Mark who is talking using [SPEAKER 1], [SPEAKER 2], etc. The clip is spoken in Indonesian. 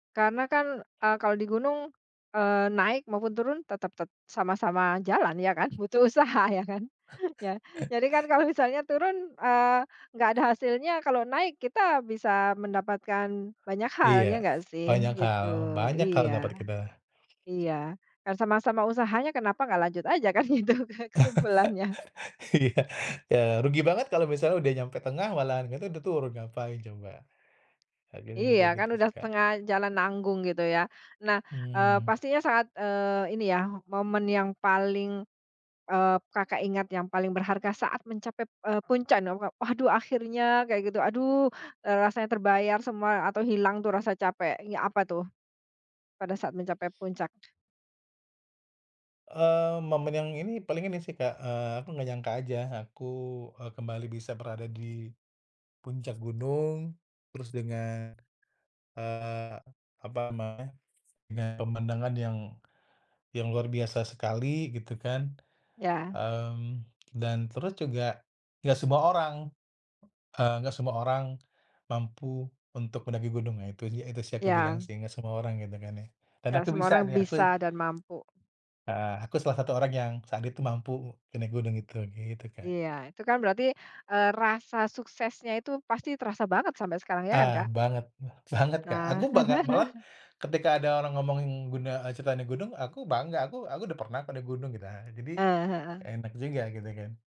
[SPEAKER 1] Karena kan, eee, kalau di gunung, eee, naik maupun turun tetap tet sama-sama jalan ya kan, butuh usaha ya kan? Ya, jadi kan kalau misalnya turun, eee, nggak ada hasilnya, kalau naik kita bisa mendapatkan banyak hal,
[SPEAKER 2] Iya
[SPEAKER 1] ya nggak
[SPEAKER 2] banyak
[SPEAKER 1] sih gitu.
[SPEAKER 2] hal, banyak hal
[SPEAKER 1] Iya.
[SPEAKER 2] dapat kita
[SPEAKER 1] Iya, kan sama-sama usahanya kenapa enggak lanjut aja kan, itu, Kak, kesimpulannya.
[SPEAKER 2] Iya, ya rugi banget kalau misalnya sudah nyampe tengah malahan kita udah turun, ngapain coba, akhirnya
[SPEAKER 1] Iya,
[SPEAKER 2] kayak
[SPEAKER 1] kan
[SPEAKER 2] gitu sih,
[SPEAKER 1] udah
[SPEAKER 2] Kak.
[SPEAKER 1] setengah jalan nanggung gitu ya. Nah, eee,
[SPEAKER 2] Mmm.
[SPEAKER 1] pastinya saat, eee, ini ya momen yang paling, eee, Kakak ingat, yang paling berharga saat mencapai, eee, puncak. [unintelligible] "Waduh, akhirnya," kayak gitu. "Aduh, eee, rasanya terbayar semua atau hilang tuh rasa capek." Ngi apa tuh pada saat mencapai puncak?
[SPEAKER 2] Eee, momen yang ini, paling ini sih, Kak, eee, aku nggak nyangka aja aku, eee, kembali bisa berada di puncak gunung terus dengan, eee, apa namanya, dengan pemandangan yang yang luar biasa sekali gitu kan,
[SPEAKER 1] Ya.
[SPEAKER 2] mmm, dan terus juga gak semua orang, eee, gak semua orang, mampu untuk mendaki gunung, nah itu sih itu sih yang aku bilang
[SPEAKER 1] Ya.
[SPEAKER 2] sih, nggak semua orang gitu kan ya. Dan
[SPEAKER 1] Gak
[SPEAKER 2] aku
[SPEAKER 1] semua
[SPEAKER 2] bisa
[SPEAKER 1] orang
[SPEAKER 2] nih, aku
[SPEAKER 1] bisa dan mampu.
[SPEAKER 2] Heeh, aku salah satu orang yang saat itu mampu e naik gunung itu. Gitu, Kak.
[SPEAKER 1] Iya, itu kan berarti, eee, rasa suksesnya itu pasti terasa banget sampai sekarang, ya kan,
[SPEAKER 2] Ah,
[SPEAKER 1] Kak?
[SPEAKER 2] banget! E sangat, Kak.
[SPEAKER 1] Nah.
[SPEAKER 2] Aku bangga, malahan ketika ada orang ngomongin gun eee, cerita naik gunung, aku bangga, "Aku aku udah pernah kok naik gunung." Nah jadi
[SPEAKER 1] Eee, heeh.
[SPEAKER 2] enak juga gitu kan.